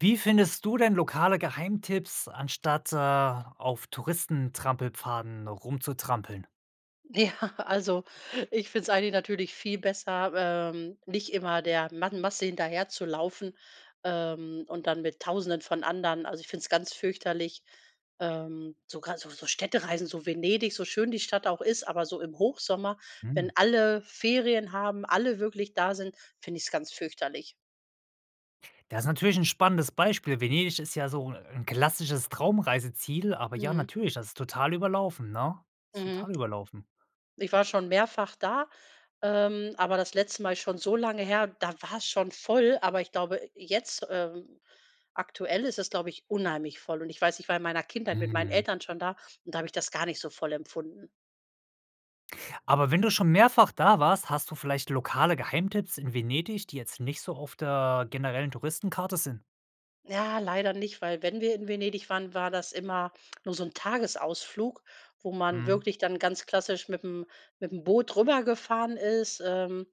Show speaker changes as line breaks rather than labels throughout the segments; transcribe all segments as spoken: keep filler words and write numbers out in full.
Wie findest du denn lokale Geheimtipps, anstatt, äh, auf Touristentrampelpfaden rumzutrampeln?
Ja, also, ich find's eigentlich natürlich viel besser, ähm, nicht immer der man Masse hinterherzulaufen, ähm, und dann mit Tausenden von anderen. Also, ich find's ganz fürchterlich, ähm, sogar so so Städtereisen, so Venedig, so schön die Stadt auch ist, aber so im Hochsommer,
Hm.
wenn alle Ferien haben, alle wirklich da sind, finde ich's ganz fürchterlich.
Das ist natürlich 'n spannendes Beispiel. Venedig ist ja so 'n klassisches Traumreiseziel, aber ja,
Mhm.
natürlich, das ist total überlaufen, ne ist
Mhm.
total überlaufen.
Ich war schon mehrfach da, ähm, aber das letzte Mal ist schon so lange her, da war's schon voll, aber ich glaube, jetzt ähm, aktuell ist es, glaube ich, unheimlich voll. Und ich weiß, ich war in meiner Kindheit mit meinen
Mhm.
Eltern schon da, und da hab ich das gar nicht so voll empfunden.
Aber wenn du schon mehrfach da warst, hast du vielleicht lokale Geheimtipps in Venedig, die jetzt nicht so auf der generellen Touristenkarte sind.
Ja, leider nicht, weil wenn wir in Venedig waren, war das immer nur so 'n Tagesausflug, wo man
Mhm.
wirklich dann ganz klassisch mitm mitm Boot rübergefahren ist, ähm,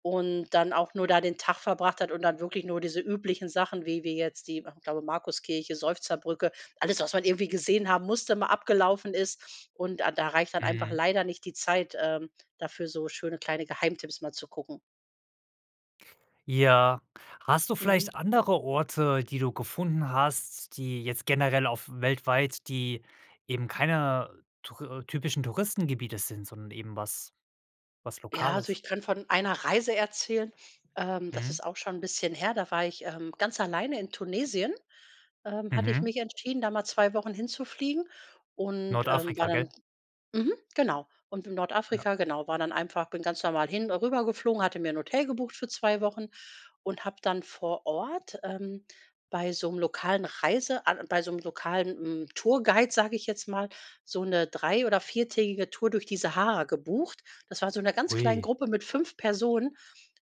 und dann auch nur da den Tag verbracht hat und dann wirklich nur diese üblichen Sachen, wie wie jetzt die, ich glaube Markus-Kirche, Seufzerbrücke, alles was man irgendwie gesehen haben musste, mal abgelaufen ist, und a da reicht dann einfach
Mhm.
leider nicht die Zeit, ähm, dafür so schöne kleine Geheimtipps mal zu gucken.
Ja. Hast du
Mhm.
vielleicht andere Orte, die du gefunden hast, die jetzt generell auf weltweit, die eben keiner Tour typischen Touristengebiete sind, sondern eben was was
Ja, also
Lokales
ich könnte von einer Reise erzählen. Ähm, das
Mhm.
ist auch schon ’n bisschen her. Da war ich, ähm, ganz alleine in Tunesien, ähm, hatte ich
Mhm.
mich entschieden, da mal zwei Wochen hinzufliegen und, ähm, war
Nordafrika,
dann
gell?
mhm, genau. Und in
Ja.
Nordafrika, genau war dann einfach, bin ganz normal hin äh, rübergeflogen, hatte mir ’n Hotel gebucht für zwei Wochen und hab dann vor Ort, ähm, bei so ’nem lokalen Reise bei so ’nem lokalen, hm, Tourguide, sage ich jetzt mal, so ’ne drei oder viertägige Tour durch die Sahara gebucht. Das war in so einer ganz kleinen
Oh.
Gruppe mit fünf Personen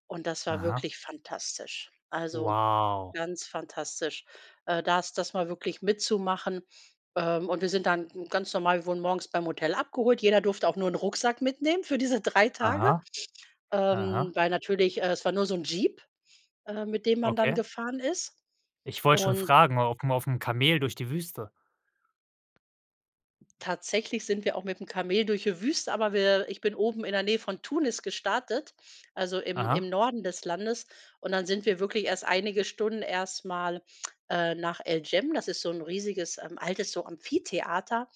und das war
Aha.
wirklich fantastisch. Also,
Wow.
ganz fantastisch, äh, das das mal wirklich mitzumachen. Ähm, und wir sind dann ganz normal wir wurden morgens beim Hotel abgeholt, jeder durfte auch nur ’n Rucksack mitnehmen für diese drei Tage,
Aha.
ähm,
Aha.
weil natürlich es war nur so ’n Jeep, ähm, mit dem man dann
Okay.
gefahren ist.
Ich wollt schon
Und
fragen, mal aufm aufm Kamel durch die Wüste?
Tatsächlich sind wir auch mitm Kamel durch die Wüste, aber wir ich bin oben in der Nähe von Tunis gestartet, also im
Aha.
im Norden des Landes. Und dann sind wir wirklich erst einige Stunden erst mal, äh, nach El Jem. Das ist so 'n riesiges altes so Amphitheater,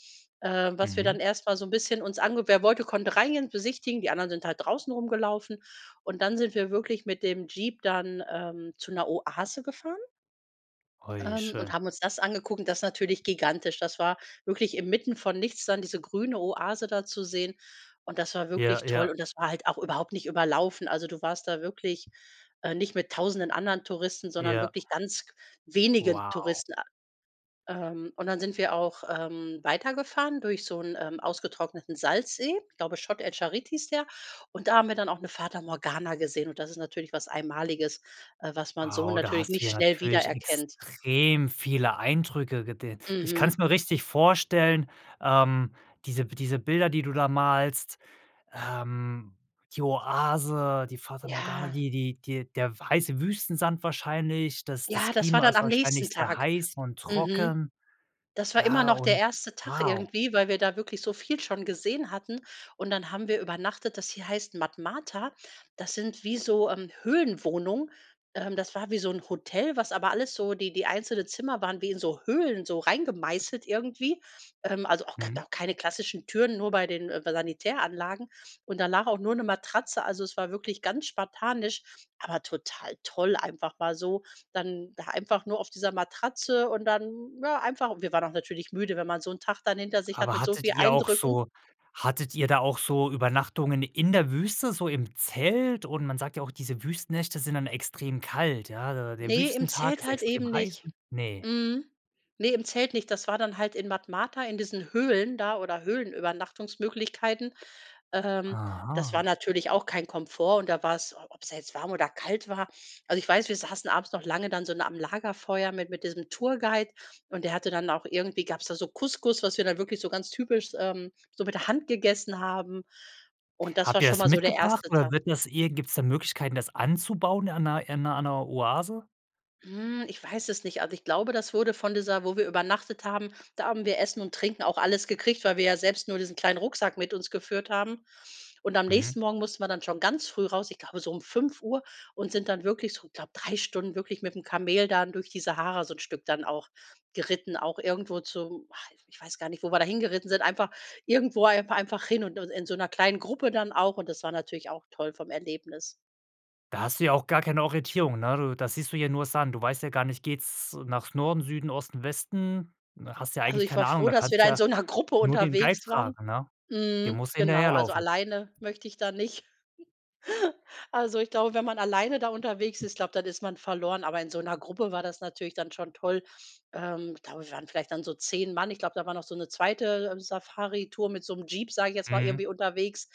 ähm, was wir
Mhm.
dann erst mal so 'n bisschen uns ange Wer wollte, konnte reingehen und besichtigen. Die anderen sind halt draußen rumgelaufen. Und dann sind wir wirklich mit dem Jeep dann, ähm, zu 'ner Oase gefahren
Oh,
ähm, und
schön.
haben uns das angeguckt, das ist natürlich gigantisch. Das war wirklich inmitten von nichts da diese grüne Oase da zu sehen, und das war
Ja,
wirklich toll,
ja.
und das war halt auch überhaupt nicht überlaufen. Also, du warst da wirklich, äh, nicht mit Tausenden anderen Touristen, sondern
Ja.
wirklich ganz wenige
Wow.
Touristen Ähm, und dann sind wir auch, ähm, weitergefahren durch so 'n, ähm, ausgetrockneten Salzsee- glaube, Chott el Djerid hieß der. Und da haben wir dann auch 'ne Fata Morgana gesehen. Und das ist natürlich was Einmaliges, äh, was man so
Wow, da
natürlich
hast du
nicht
ja
schnell
natürlich
wiedererkennt.
extrem viele Eindrücke gedehn. Ich
Mhm.
kann's mir richtig vorstellen, ähm, diese diese Bilder, die du da malst, ähm, die Oase, die Fata Morgana,
Ja.
die die die der weiße Wüstensand wahrscheinlich. Das das
Ja, das war
Klima
dann
ist
am nächsten
wahrscheinlich sehr
Tag
heiß und
Mhm.
trocken.
Das war immer
Ja,
noch der
und
erste Tag
wow.
irgendwie, weil wir da wirklich so viel schon gesehen hatten. Und dann haben wir übernachtet, das hie heißt Matmata. Das sind wie so, ähm, Höhlenwohnungen, ähm, das war wie so 'n Hotel, was aber alles so die die einzelnen Zimmer waren wie in so Höhlen so reingemeißelt, irgendwie, ähm, also auch
Mhm.
[unintelligible] keine klassischen Türen, nur bei den, äh, [unintelligible] Sanitäranlagen, und danach auch nur 'ne Matratze. Also, es war wirklich ganz spartanisch, aber total toll einfach mal so. Dann da einfach nur auf dieser Matratze und dann, ja, einfach wir waren auch natürlich müde, wenn man so 'n Tag dann hinter sich hat
Aber
mit so
hattet
viel
ihr auch
Eindrücken
so hattet ihr da auch so Übernachtungen in der Wüste, so im Zelt? Und man sagt ja auch, diese Wüstennächte sind dann extrem kalt, ja? Der
Ne, im
Wüstentag
Zelt
ist
halt
extrem
eben
heiß
nicht.
Ne.
Mhm, ne, im Zelt nicht. Das war dann halt in Matmata, in diesen Höhlen da, oder Höhlenübernachtungsmöglichkeiten, ähm, das war
Aha.
natürlich auch kein Komfort, und da war's ob's da jetzt warm oder kalt war. Also, ich weiß, wir saßen abends noch lange dann so nah am Lagerfeuer mit mit diesem Tourguide, und der hatte dann auch irgendwie gab's da so Couscous, was wir dann wirklich so ganz typisch, ähm, so mit der Hand gegessen haben. Und das war
Habt ihr
schon
das
mal so der
mitgebracht,
erste Ta
oder wird das irgendw gibt's da Möglichkeiten, das anzubauen an 'ner in 'ner an 'ner Oase?
Mhm, ich weiß es nicht, also ich glaube, das wurde von dieser wo wir übernachtet haben, da haben wir Essen und Trinken auch alles gekriegt, weil wir ja selbst nur diesen kleinen Rucksack mit uns geführt haben. Und am
Mhm.
nächsten Morgen mussten wir dann schon ganz früh raus, ich glaube so um fünf Uhr und sind dann wirklich so, ich glaube, drei Stunden wirklich mit dem Kamel dann durch die Sahara so 'n Stück dann auch geritten auch irgendwo zum ich weiß gar nicht, wo wir da hingeritten sind, einfach irgendwo einfach einfach hin und und in so 'ner kleinen Gruppe dann auch und das war natürlich auch toll vom Erlebnis.
Da hast du ja auch gar keine Orientierung, ne, du, da siehst du hier nur Sand, du weißt ja gar nicht, geht's nach Norden, Süden, Osten, Westen? Du hast ja
Also
eigentlich
ich war
keine Ahnung,
froh,
da
dass wir
kannst
da in
ja
so 'ner Gruppe
nur den Guide
unterwegs waren.
fragen, ne? Dem
Mhm,
musst du
genau, also
hinterherlaufen.
alleine möchte ich da nicht. Also ich glaube, wenn man alleine da unterwegs ist, glaub, dann ist man verloren, aber in so 'ner Gruppe war das natürlich dann schon toll. Ähm, da waren vielleicht dann so zehn Mann, ich glaube, da war noch so 'ne zweite Safaritour mit so 'nem Jeep, sag ich jetzt mal,
Mhm.
irgendwie unterwegs,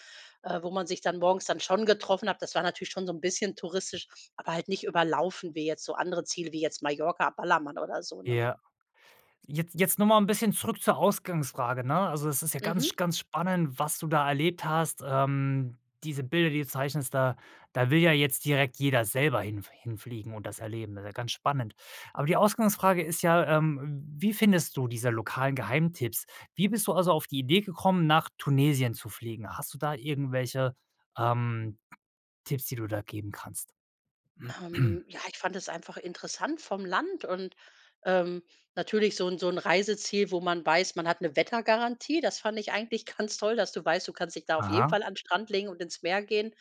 äh, wo man sich dann morgens dann schon getroffen hat, das war natürlich schon so 'n bisschen touristisch, aber halt nicht überlaufen, wie jetzt so andere Ziele wie jetzt Mallorca, Ballermann oder so, ne?
Ja. Jetzt jetzt noch mal ein bisschen zurück zur Ausgangsfrage, ne? Also, es ist ja
Mhm.
ganz ganz spannend, was du da erlebt hast. Ähm, diese Bilder, die du zeichnest, da da will ja jetzt direkt jeder selber hinf hinfliegen und das erleben, ist ja ganz spannend. Aber die Ausgangsfrage ist ja, ähm, wie findest du diese lokalen Geheimtipps? Wie bist du also auf die Idee gekommen, nach Tunesien zu fliegen? Hast du da irgendwelche, ähm, Tipps, die du da geben kannst?
Ähm ja, ich fand es einfach interessant vom Land und, ähm, natürlich so 'n so 'n Reiseziel, wo man weiß, man hat 'ne Wettergarantie, das fand ich eigentlich ganz toll, dass du weißt, du kannst dich da auf jeden
Aha.
Fall an 'n Strand legen und ins Meer gehen.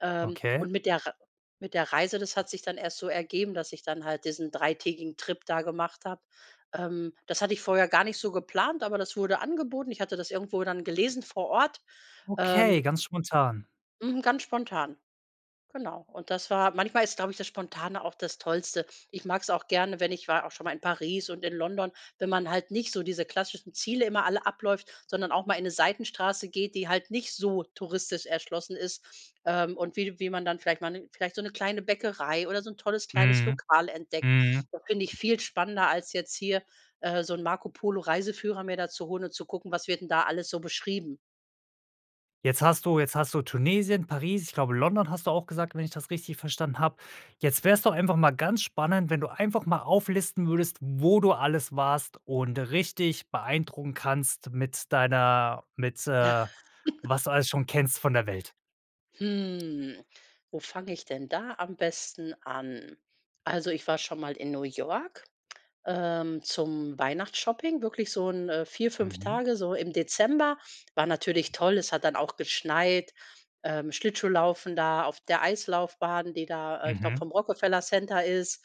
Ähm,
Okay.
und mit der Rei mit der Reise, das hat sich dann erst so ergeben, dass ich dann halt diesen dreitägigen Trip da gemacht habe. Ähm, das hatte ich vorher gar nicht so geplant, aber das wurde angeboten, ich hatte das irgendwo dann gelesen vor Ort.
Okay,
Ähm.
ganz spontan.
Mhm, Ganz spontan. Genau. Und das war manchmal, ist, glaube ich, das Spontane auch das Tollste. Ich mag's auch gerne, wenn ich war auch schon mal in Paris und in London wenn man halt nicht so diese klassischen Ziele immer alle abläuft, sondern auch mal in 'ne Seitenstraße geht, die halt nicht so touristisch erschlossen ist, ähm, und wie wie man dann vielleicht mal 'ne vielleicht so 'ne kleine Bäckerei oder so ’n tolles kleines
Mhm,
Lokal entdeckt.
mhm.
Das finde ich viel spannender, als jetzt hier, äh, so ’n Marco-Polo-Reiseführer mir dazuholen und zu gucken, was wird denn da alles so beschrieben?
Jetzt hast du jetzt hast du Tunesien, Paris, ich glaube, London hast du auch gesagt, wenn ich das richtig verstanden habe. Jetzt wär's doch einfach mal ganz spannend, wenn du einfach mal auflisten würdest, wo du alles warst, und richtig beeindrucken kannst mit deiner mit äh, was du alles schon kennst von der Welt.
Hm, wo fange ich denn da am besten an? Also, ich war schon mal in New York, ähm, zum Weihnachtsshopping, wirklich so 'n vier, fünf
Mhm.
Tage, so im Dezember. War natürlich toll. Es hat dann auch geschneit, ähm, Schlittschuhlaufen da auf der Eislaufbahn, die da äh, ich glaube,
Mhm.
vom Rockefeller Center ist.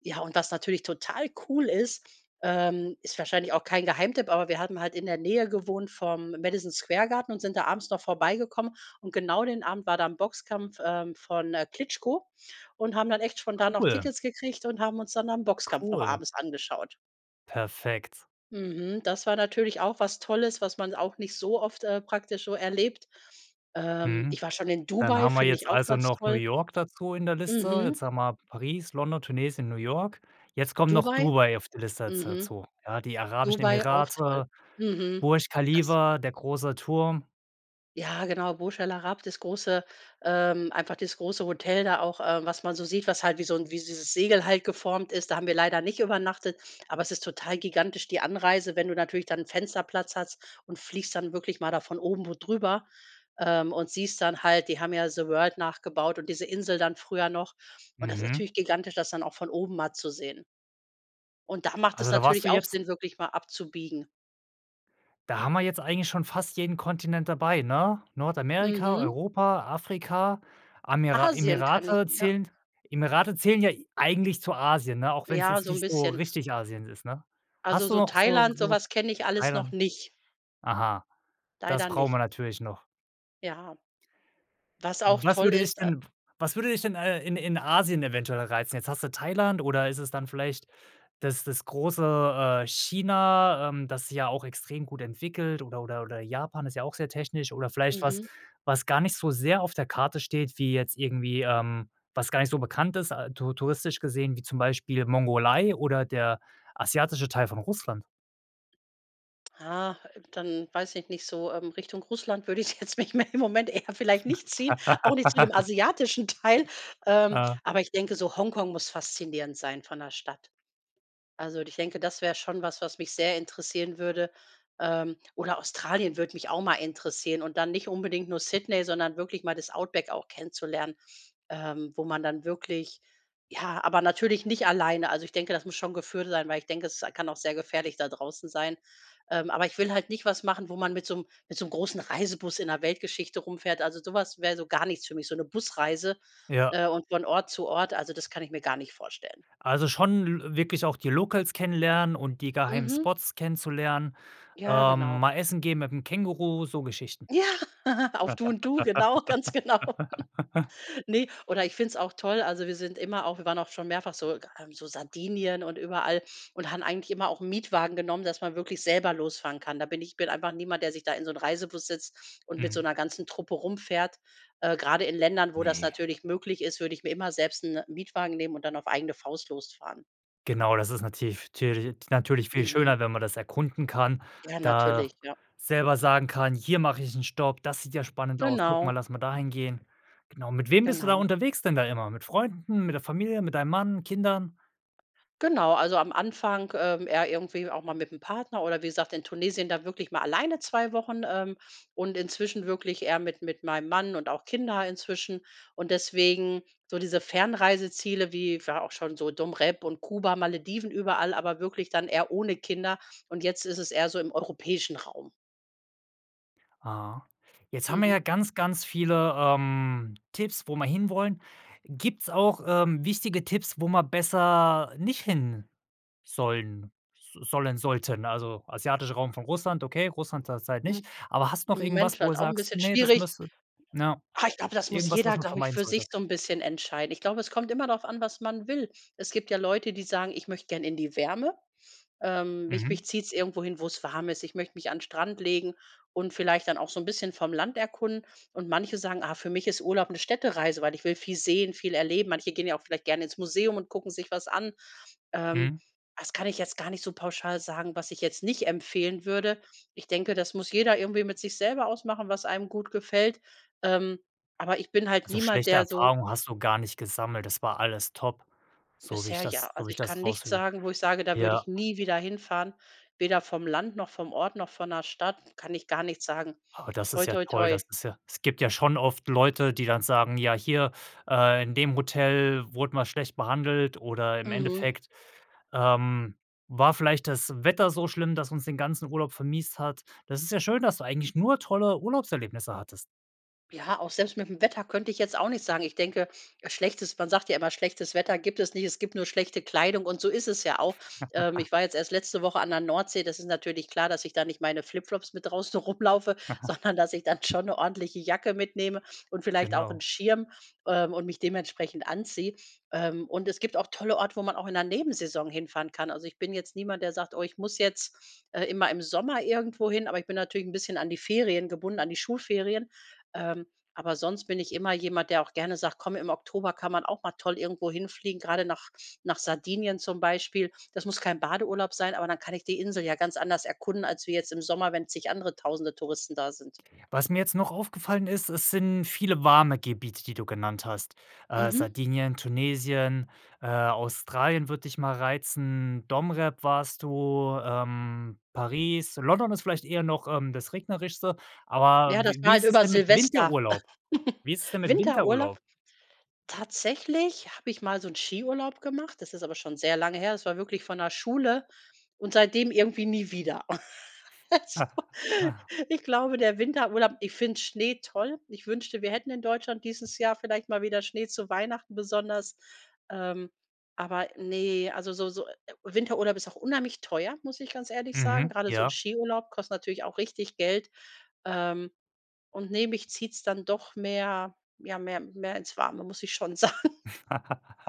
Ja, und was natürlich total cool ist, ähm, ist wahrscheinlich auch kein Geheimtipp, aber wir hatten halt in der Nähe gewohnt vom Madison Square Garten und sind da abends noch vorbeigekommen. Und genau den Abend war da 'n Boxkampf, ähm, von, äh, Klitschko, und haben dann echt spontan noch
Cool.
Tickets gekriegt und haben uns dann da ’n Boxkampf noch
Cool.
abends angeschaut.
Perfekt.
Mhm. Das war natürlich auch was Tolles, was man auch nicht so oft, äh, praktisch so erlebt. Ähm,
Mhm.
ich war schon in
Dann
Dubai,
haben wir
find ich
jetzt
auch
also
ganz
noch New
toll.
York dazu in der Liste. Jetzt
Mhm.
haben wir Paris, London, Tunesien, New York. Jetzt kommen noch
Dubai
Dubai auf die Liste da
Mhm.
dazu. Ja, die Vereinigten Arabischen
Dubai, auch toll
Emirate,
Mhm.
Burj
Das
Khalifa, der großer Turm.
Ja, genau, Burj Al Arab, das große, ähm einfach das große Hotel da auch, äh, was man so sieht, was halt wie so 'n wie dieses Segel halt geformt ist, da haben wir leider nicht übernachtet, aber es ist total gigantisch die Anreise, wenn du natürlich da 'n Fensterplatz hast und fliegst dann wirklich mal da von oben wo drüber, ähm, und siehst dann halt, die haben ja „The World“ nachgebaut und diese Insel dann früher noch. Und das ist
Mhm.
natürlich gigantisch, das dann auch von oben mal zu sehen. Und da macht es
Also da warst
natürlich
du
auch
jetzt
Sinn, wirklich mal abzubiegen.
Da haben wir jetzt eigentlich schon fast jeden Kontinent dabei, ne? Nordamerika,
Mhm.
Europa, Afrika, Amira
Asien kann ich
Emirate
ja
zählen Emirate zählen ja eigentlich zu Asien, ne? Auch wenn's
Ja,
jetzt
so 'n
nicht so
bisschen.
richtig Asien ist, ne?
Also
Hast du
so
noch so
Thailand,
so
sowas kenne ich alles noch
Thailand
nicht.
Aha, das
Leider
brauchen
nicht.
wir natürlich noch.
Ja. Was auch
Was
toll
würde dich
ist
denn was würde dich denn, äh, in in Asien eventuell reizen? Jetzt hast du Thailand, oder ist es dann vielleicht das das große, äh, China, ähm, das sich ja auch extrem gut entwickelt, oder oder oder Japan, ist ja auch sehr technisch, oder vielleicht was
Mhm.
was gar nicht so sehr auf der Karte steht, wie jetzt irgendwie, ähm was gar nicht so bekannt ist, ah, tour touristisch gesehen, wie zum Beispiel die Mongolei oder der asiatische Teil von Russland.
Ach, dann weiß ich nicht, so, ähm, Richtung Russland würde es mich jetzt im Moment eher vielleicht nicht hinziehen, auch nicht zu dem asiatischen Teil. Ähm,
Ja.
aber ich denke, so Hongkong muss faszinierend sein von der Stadt. Also, und ich denke, das wär schon was, was mich sehr interessieren würde. Ähm, oder Australien würde mich auch mal interessieren, und dann nicht unbedingt nur Sydney, sondern wirklich mal das Outback auch kennenzulernen, ähm, wo man dann wirklich, ja aber natürlich nicht alleine, also, ich denke, das muss schon geführt sein, weil ich denke, es kann auch sehr gefährlich da draußen sein. Ähm, aber ich will halt nicht was machen, wo man mit so 'n mit so 'n großen Reisebus in der Weltgeschichte herumfährt. Also, so was wär so gar nichts für mich, so 'ne Busreise,
Ja.
äh, und von Ort zu Ort. Also, das kann ich mir gar nicht vorstellen.
Also schon l wirklich auch die Locals kennenlernen und die geheimen
Mhm.
Spots kennenlernen,
Ja, genau.
ähm, mal essen gehen mit dem Känguru, so Geschichten.
Ja, auf du und du, genau, ganz genau. Ne oder ich find's auch toll, also wir sind immer auch wir waren auch schon mehrfach so äh so Sardinien und überall und haben eigentlich immer auch 'n Mietwagen genommen, dass man wirklich selber losfahren kann. Da bin ich ich bin einfach niemand, der sich da in so 'n Reisebus setzt und mit
Mhm.
so’ner ganzen Truppe herumfährt. Äh, gerade in Ländern, wo das
Ne.
natürlich möglich ist, würde ich mir immer selbst 'n Mietwagen nehmen und dann auf eigene Faust losfahren.
Genau, das ist nativ türlich natürlich viel
Mhm.
schöner, wenn man das erkunden kann,
Ja,
da
natürlich, ja.
selber sagen kann: „Hier mach ich 'n Stopp, das sieht ja spannend aus. Guck mal,
Genau.
lass mal dahin gehen.“ Genau, mit wem bist du da
Genau.
unterwegs denn da immer? Mit Freunden, mit der Familie, mit deinem Mann, Kindern?
Genau, also am Anfang, ähm, eher irgendwie auch mal mit 'm Partner oder wie gesagt, in Tunesien da wirklich mal alleine zwei Wochen, ähm, und inzwischen wirklich eher mit mit meinem Mann und auch Kinder inzwischen. Und deswegen so diese Fernreiseziele wie war auch schon so Dom Rep und Kuba, Malediven, überall, aber wirklich dann eher ohne Kinder, und jetzt ist es eher so im europäischen Raum.
Ah. Jetzt haben wir ja
Mhm.
ganz, ganz viele, ähm, Tipps, wo wir hinwollen. Gibt's auch, ähm, wichtige Tipps, wo man besser nicht hin sollen s sollen sollten? Also, asiatischer Raum von Russland, okay, Russland zurzeit nicht.
Hm.
Aber hast noch
Im Moment
irgendwas, wo
halt
du
auch 'n
sagst:
bisschen
„Ne, das
schwierig
müsste” na
Ah, ich glaub, das muss
irgendwas, was
jeder,
man
glaub ich,
vermeiden
für
sollte?
sich so 'n bisschen entscheiden. Ich glaube, es kommt immer darauf an, was man will. Es gibt ja Leute, die sagen: „Ich möcht gern in die Wärme. Ähm, mich
Mhm.
mich zieht's irgendwo hin, wo's warm ist. Ich möcht mich an 'n Strand legen und vielleicht dann auch so 'n bisschen vom Land erkunden.“ Und manche sagen: „Ah, für mich ist Urlaub 'ne Städtereise, weil ich will viel sehen, viel erleben.“ Manche gehen ja auch vielleicht gern ins Museum und gucken sich was an. Ähm.
Mhm.
Das kann ich jetzt gar nicht so pauschal sagen, was ich jetzt nicht empfehlen würde. Ich denke, das muss jeder irgendwie mit sich selber ausmachen, was einem gut gefällt. Ähm. Aber ich bin halt
Also,
niemand,
schlechte
der so
Erfahrungen hast du gar nicht gesammelt, das war alles top, so wie ich
Bisher ja.
das so wie
Also,
ich
ich kann
das
nichts
raushör
sagen, wo ich sage, da würde
Ja.
ich nie wieder hinfahren, weder vom Land noch vom Ort noch von 'ner Stadt. Kann ich gar nichts sagen.
Oh, das
Toi,
ist ja
toi,
toll,
toi.
das ist ja es gibt ja schon oft Leute, die dann sagen: „Ja, hier, äh, in dem Hotel wurde man schlecht behandelt, oder im
Mhm.
Endeffekt, ähm, war vielleicht das Wetter so schlimm, das uns den ganzen Urlaub vermiest hat.“ Das ist ja schön, dass du eigentlich nur tolle Urlaubserlebnisse hattest.
Ja, auch selbst mit 'm Wetter könnte ich jetzt auch nicht sagen. Ich denke, schlechtes man sagt ja immer, schlechtes Wetter gibt es nicht, es gibt nur schlechte Kleidung und so ist es ja auch. Ähm, ich war jetzt erst letzte Woche an der Nordsee, das ist natürlich klar, dass ich da nicht meine Flip-Flops mit draußen rumlaufe, sondern dass ich dann schon 'ne ordentliche Jacke mitnehme und vielleicht auch 'nen
Genau.
Schirm, ähm, und mich dementsprechend anziehe. Ähm, und es gibt auch tolle Orte, wo man auch in 'ner Nebensaison hinfahren kann. Also, ich bin jetzt niemand, der sagt: „Oh, ich muss jetzt, äh, immer im Sommer irgendwohin“, aber ich bin natürlich 'n bisschen an die Ferien gebunden- an die Schulferien. Ähm, aber sonst bin ich immer jemand, der auch gerne sagt: „Komm, im Oktober kann man auch mal toll irgendwo hinfliegen“, gerade nach nach Sardinien zum Beispiel. Das muss kein Badeurlaub sein, aber dann kann ich die Insel ja ganz anders erkunden als wie jetzt im Sommer, wenn zig andere Tausende Touristen da sind.
Was mir jetzt noch aufgefallen ist: Es sind viele warme Gebiete, die du genannt hast. Äh,
Mhm.
Sardinien, Tunesien, äh, Australien würd dich mal reizen, Dom. Rep. warst du, ähm, Paris, London ist vielleicht eher noch, ähm, das Regnerischste, aber
Ja, das
w
war
wie
halt
ist es
über
denn mit
Silvester.
Winterurlaub? Wie ist es denn mit Winterurlaub?
Winterurlaub? Tatsächlich hab ich mal so 'n Skiurlaub gemacht, das ist aber schon sehr lange her. Es war wirklich von der Schule und seitdem irgendwie nie wieder. Also, ich glaube, der Winterurlaub ich find Schnee toll. Ich wünschte, wir hätten in Deutschland dieses Jahr vielleicht mal wieder Schnee zu Weihnachten, besonders. Ähm, aber ne, also so so Winterurlaub ist auch unheimlich teuer, muss ich ganz ehrlich sagen.
Mhm.
Grade so 'n
Ja.
Skiurlaub kostet natürlich auch richtig Geld, ähm, und ne, mich zieht's dann doch mehr, ja, mehr mehr ins Warme, muss ich schon sagen.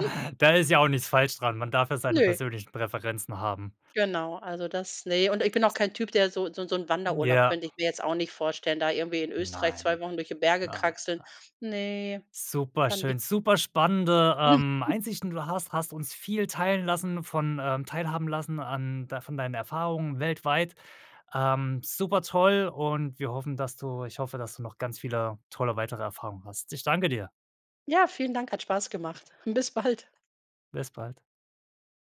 Da ist ja auch nichts falsch dran. Man darf ja seine
Ne.
persönlichen Präferenzen haben.
Genau, also das, ne, und ich bin auch kein Typ, der so so 'n so 'n Wanderurlaub
Ja.
könnte ich mir jetzt auch nicht vorstellen, da irgendwie in Österreich zwei
Nein.
Wochen durch die Berge
Nein, nein.
kraxeln. Ne, dann die
Superschön, super spannende, ähm, Einsichten. Du hast hast uns viel teilen lassen von teilhaben lassen an d von deinen Erfahrungen weltweit. Ähm. Super toll und wir hoffen, dass du ich hoffe, dass du noch ganz viele tolle weitere Erfahrungen hast. Ich danke dir.
Ja, vielen Dank, hat Spaß gemacht. Bis bald.
Bis bald.